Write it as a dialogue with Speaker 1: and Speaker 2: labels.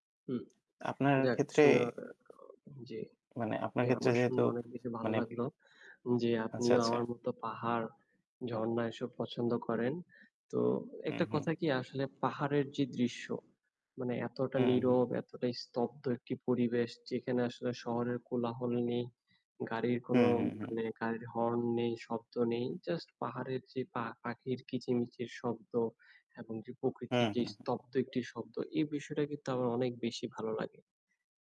Speaker 1: হুম,
Speaker 2: আপনার
Speaker 1: যাক
Speaker 2: ক্ষেত্রে
Speaker 1: শোনা এ অ জী
Speaker 2: মানে আপনার
Speaker 1: জি
Speaker 2: ক্ষেত্রে
Speaker 1: আমার
Speaker 2: যেহেতু
Speaker 1: শুনে অনেক বেশি ভাল
Speaker 2: মানে
Speaker 1: লাগলো। যে
Speaker 2: আচ্ছা,
Speaker 1: আপনিও
Speaker 2: আচ্ছা।
Speaker 1: আমার মত পাহাড়, ঝরণা এসব পছন্দ করেন। তো
Speaker 2: হু,
Speaker 1: একটা
Speaker 2: হু।
Speaker 1: কথা কি আসলে পাহাড়ের যে দৃশ্য মানে এতটা
Speaker 2: হুউ, হু।
Speaker 1: নীরব, এতটাই স্তব্ধ একটি পরিবেশ। যেখানে আসলে শহরের কোলাহল নেই, গাড়ির
Speaker 2: হু,
Speaker 1: কোনো
Speaker 2: হু, হু।
Speaker 1: মানে গাড়ির হর্ন নেই, শব্দ নেই। জাস্ট পাহাড়ের যে পা পাখির কিচমিচির শব্দ। এবং যে
Speaker 2: হু,
Speaker 1: প্রকৃতির যে
Speaker 2: হু, হু।
Speaker 1: স্তব্ধ একটি শব্দ এ বিষয়টা কিন্তু আমার অনেক বেশি ভালো লাগে।